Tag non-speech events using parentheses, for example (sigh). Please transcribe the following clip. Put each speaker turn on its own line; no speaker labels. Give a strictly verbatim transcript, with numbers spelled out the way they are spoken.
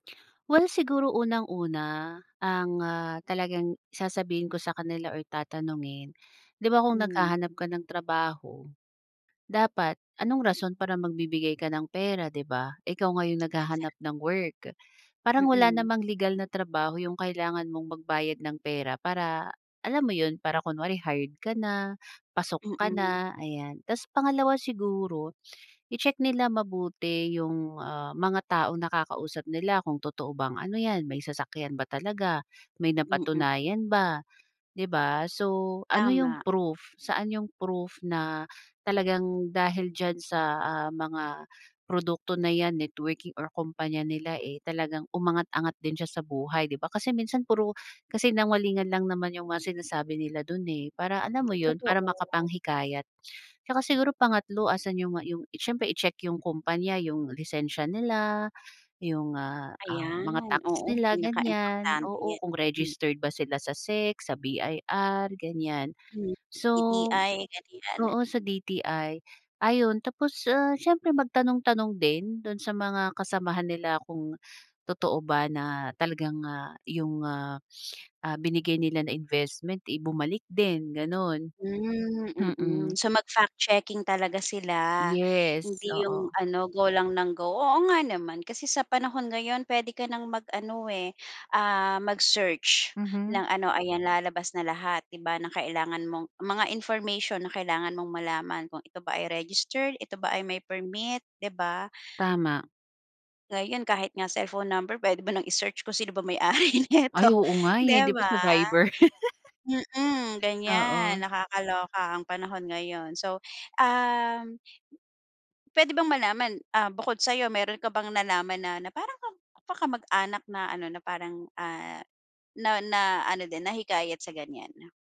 Well, siguro unang-una, ang, ah, talagang sasabihin ko sa kanila or tatanungin, 'di ba kung
Hmm.
naghahanap ka ng trabaho, dapat anong rason para magbibigay ka ng pera, 'di ba? Ikaw nga yung
Nagsa
naghahanap ng work. Parang wala
Mm.
namang legal na trabaho yung kailangan mong magbayad ng pera para alam mo 'yun, para kunwari hired ka na, pasok ka
Mm.
na, ayan. Ta's pangalawa siguro, i-check nila mabuti yung, ah, mga taong nakakausap nila kung totoo bang ano 'yan, may sasakyan ba talaga, may
Mm.
napatunayan ba, 'di ba? So, ano yung
Tama.
proof, saan yung proof na talagang dahil diyan sa, ah, mga produkto na 'yan, networking, or kumpanya nila, eh, talagang umangat-angat din siya sa buhay, 'di ba? Kasi minsan puro kasinungalingan lang naman yung mga sinasabi nila dun, eh, para alam mo yun, para
Totoo.
makapanghikayat. Tsaka siguro pangatlo, asan yung, ah, yung siyempre i-check yung kumpanya, yung lisensya nila, yung, ah, ah, mga
Ayan,
tax
oo.
nila, ganiyan.
Pinaka-importante
Oo,
yan.
kung
M
registered ba sila sa SEC, sa B-I-R ganiyan.
Hmm,
So,
D-T-I, ganiyan.
oo, sa D-T-I, ayun. Tapos, ah, siyempre magtanong-tanong din dun sa mga kasamahan nila kung totoo ba na talagang, ah, yung, ah, ah, binigay nila na investment, eh, bumalik din, gano'n.
Hmm, mm.
Mm.
So, mag-fact checking talaga sila.
Yes,
Hindi yung
oo.
ano, go lang ng go. Oo nga naman, kasi sa panahon ngayon puwede ka nang mag-ano, eh, ah, mag-search
Mhm.
ng ano, ayan, lalabas na lahat 'di ba, ng kailangan mong mga information na kailangan mong malaman, kung ito ba ay registered, ito ba ay may permit, 'di ba?
Tama.
Ngayon, kahit nga cellphone number puwede mo nang i-search kung sino ba may-ari neto,
Ay, oo nga, eh.
'di
Di ba
ba?
sa Viber?
Mm,
(laughs)
ganiyan,
Oo.
nakakaloka ang panahon ngayon. So, um, puwede bang malaman, ah, bukod sa'yo, meron ka bang nalaman na na parang ka kamag-anak na ano, na parang, ah, na na ano din, nahikayat sa ganiyan?